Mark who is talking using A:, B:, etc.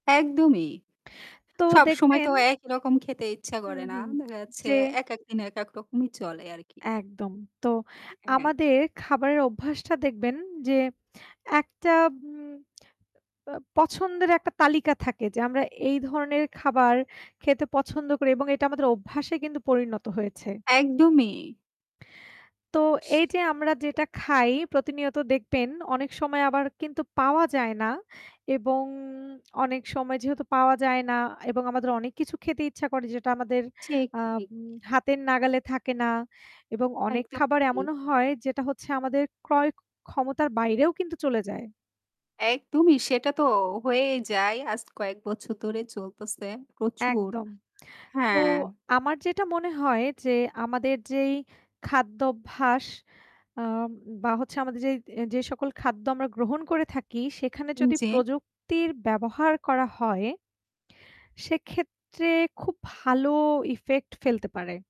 A: একদমই!
B: তো
A: সবসময় তো
B: দেখবেন
A: একইরকম খেতে ইচ্ছা
B: হুম,
A: করে না।
B: হুম।
A: দেখা যাচ্ছে
B: যে
A: এক, একদিন এক, এক রকমই চলে আর কি।
B: একদম। তো
A: [unintelligible]
B: আমাদের খাবারের অভ্যাসটা দেখবেন যে একটা উম ব্যা পছন্দের একটা তালিকা থাকে যে, আমরা এই ধরনের খাবার খেতে পছন্দ করি এবং এটা আমাদের অভ্যাসে পরিণত হয়েছে।
A: একদমই।
B: তো এই যে আমরা যেটা খাই প্রতিনিয়ত দেখবেন অনেক সময় আবার কিন্তু পাওয়া যায় না। এবং অনেক সময় যেহেতু পাওয়া যায় না এবং আমাদের অনেক কিছু খেতে ইচ্ছা করে যেটা আমাদের
A: ঠিক,
B: আম
A: ঠিক।
B: হাতের নাগালে থাকে না এবং অনেক খাবার
A: একদমই।
B: এমনও হয় যেটা হচ্ছে আমাদের ক্রয় ক্ষমতার বাইরেও কিন্তু চলে যায়।
A: একদমই সেটা তো হয়েই যায়, আজ কয়েক বছর ধরে চলতেছে। প্রচুর।
B: একদম। তো
A: হ্যাঁ।
B: আমার যেটা মনে হয় যে, আমাদের যেই খাদ্যাভ্যাস আম বা হচ্ছে আমাদের যেই যে সকল খাদ্য আমরা গ্রহণ করে থাকি, সেখানে
A: উ
B: যদি
A: জি।
B: প্রযুক্তির ব্যবহার করা হয়, সেক্ষেত্রে খুব ভালো ইফেক্ট ফেলতে পারে।